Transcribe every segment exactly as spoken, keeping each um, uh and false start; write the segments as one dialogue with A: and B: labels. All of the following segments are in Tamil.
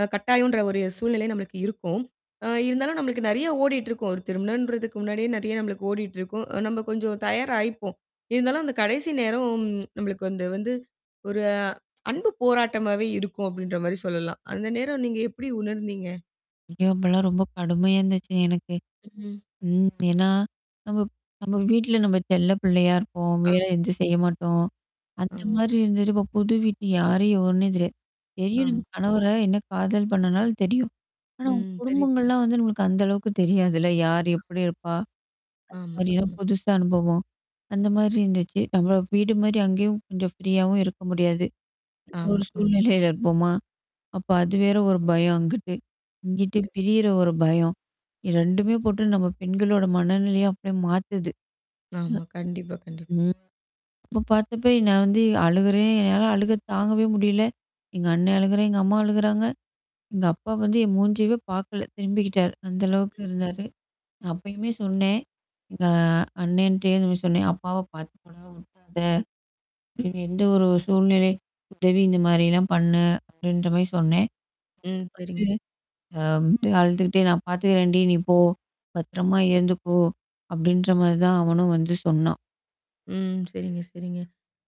A: அ கட்டாயம்ன்ற ஒரு சூழ்நிலை நம்மளுக்கு இருக்கும். அ இருந்தாலும் நம்மளுக்கு நெறைய ஓடிட்டுருக்கும். ஒரு திருமணம்ன்றதுக்கு முன்னாடியே நெறைய நம்மளுக்கு ஓடிட்டுருக்கும். அ நம்ம கொஞ்சம் தயார் ஆயிப்போம். இருந்தாலும் அந்த கடைசி நேரம் நம்மளுக்கு வந்து வந்து ஒரு அன்பு போராட்டமாவே இருக்கும் அப்டின்ற மாரி சொல்லலாம். அந்த நேரம் நீங்க எப்படி உணர்ந்தீங்க?
B: ஐயோ! அப்பலாம் ரொம்ப கடுமையா இருந்துச்சுங்க எனக்கு.
A: ம்.
B: ம். ஏன்னா. நம்மப் நம்ம வீட்ல நம்ம செல்ல பிள்ளையா இருப்போம். வேல
A: அம்.
B: எதும் செய்ய மாட்டோம். அந்த
A: ஆம்.
B: மாரி இருந்ததுட்டு இப்ப புது வீட்டு யாரு எவருன்னே தெரியாது. தெரியும்
A: ஆம்.
B: நம்ம
A: ஆம்.
B: கணவர என்ன காதல் பண்ணனால தெரியும். ஆனா உங்
A: ம். தெரியுது, புரிது.
B: குடும்பங்கள்லாம் வந்து நமக்கு அந்த அளவுக்கு தெரியாதுல்ல? யார் எப்படி இருப்பா?
A: ஆமா,
B: [unintelligible]
A: ஆமா.
B: புதுசா அனுபவம். அந்த மாரி இருந்துச்சு. நம்மளோ வீடு மாரி அங்கேயும் கொஞ்சம் ஃப்ரீயாவும் இருக்க முடியாது. ஒரு
A: ஆமா, ஆமா.
B: சூழ்நிலையில இருப்போமா? அப்ப அது வேற ஒரு பயம் அங்கிட்டு. இங்குட்டு
A: [unintelligible]
B: பிரியற ஒரு பயம். ரெண்டுமே போட்டு நம்ம பெண்களோட மனநிலைய அப்படியே மாத்துது.
A: ஆமா. கண்டிப்பா, கண்டிப்பா.
B: ம். ம். அப்ப பார்த்தப்ப நான் வந்து அழுகுறேன், என்னால அழுக தாங்கவே முடியல. எங்க அண்ண அழுகுறான். எங்க அம்மா அழுகுறாங்க. எங்க அப்பா வந்து என் மூஞ்சவே பார்க்கல. திரும்பிக்கிட்டாரு. அந்த அளவுக்கு இருந்தாரு. அப்பயுமே சொன்னேன். எங்க அண்ணன்ட்டயே இது மாரி சொன்னேன். அப்பாவ பார்த்துக்கடா விட்றாத. எந்த ஒரு சூழ்நிலை, உதவி இந்த மாரிலாம் பண்ணு அப்படின்ற மாரி சொன்னேன்.
A: ம். சரிங்க.
B: பத்து அ அழுந்துக்கிட்டே நான் பார்த்துக்கிறேன்டி நீ போ. பத்திரமா இருந்துக்கோ! அப்டின்ற மாரி தான் அவனும் வந்து சொன்னான்.
A: ம். சரிங்க, சரிங்க.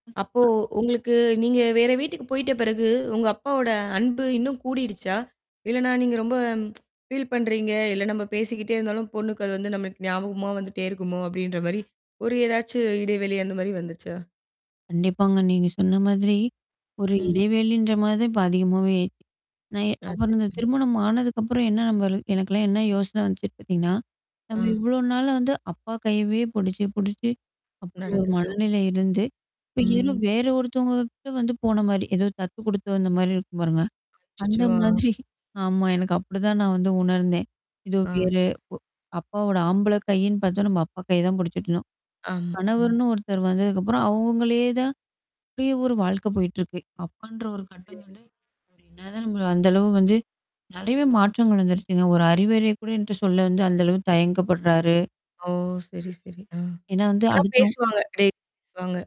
B: ம்.
A: அப்போ உங்களுக்கு நீங்க வேற வீட்டுக்கு போயி்ட்ட பிறகு உங்க அப்பாவோட அன்பு இன்னும் கூடிடுச்சா? இல்லனா, நீங்க ரொம்ப ஃபீல் பண்றீங்க. இல்ல நம்ம பேசிக்கிட்டே இருந்தாலும் பொண்ணுக்கு அது வந்து நம்மளுக்கு ஞாபகமா வந்துட்டே இருக்குமோ! அப்படின்ற மாரி, ஒரு ஏதாச்சும் இடைவெளி அந்த மாரி வந்துச்சா?
B: கண்டிப்பாங்க. நீங்க சொன்ன மாதிரி. ஒரு
A: ம்.
B: இடைவெளின்ற மாரி தான் இப்ப அதிகமாவே ஆயிச்சு. நான் அப்புறம் இந்த
A: அச்சச்சோ!
B: திருமணம் ஆனதுக்கப்புறம் என்ன நம்ப ல் எனக்கெல்லாம் என்ன யோசனை வந்துச்சுன்னு பார்த்தீங்கன்னா, நம்ம
A: ஆ.
B: இவ்ளோ நாள் வந்து அப்பா கையவே புடிச்சு, புடிச்சு அப்படி ஒரு
A: நடந்துட்டோ.
B: மனநிலை இருந்து. இப்ப ஏதோ
A: ம்.
B: வேற ஒருத்தவங்ககிட்ட வந்து போன மாரி, ஏதோ தத்து குடுத்து வந்த மாரி இருக்கும் பாருங்க. அந்த
A: அச்சச்சோ! ஆ.
B: மாதிரி. ஆமா. எனக்கு அப்படிதான் நான் வந்து உணர்ந்தேன். எதோ
A: ஆ.
B: வேற ஒ அப்போ அப்பாவோட ஆம்பள கையின்னு பார்த்தா நம்ம அப்பா கைய தான் புடிச்சுட்டு இருந்தோம்.
A: ஆமா, ம்.
B: கணவர்ன்னு ஒருத்தர் வந்ததுக்கப்புறம் அவங்களே தான் அப்டியே ஒரு வாழ்க்கை போயிட்டுருக்கு. அப்பான்ற ஒரு கட்டம்
A: சரி.
B: வந்து, இப்ப என்ன தான் நம்ம அந்த அளவு வந்து, நெறையவே மாற்றங்கள் வந்துருச்சுங்க. ஒரு அறிவுறைய கூட என்ட்ட சொல்ல வந்து அந்த அளவுக்கு தயங்கப்படுறாரு.
A: ஓ! சரி, சரி. ஆ.
B: ஏன்னா வந்து,
A: ஆனா
B: அடுத்தோ
A: பேசுவாங்க. [unintelligible]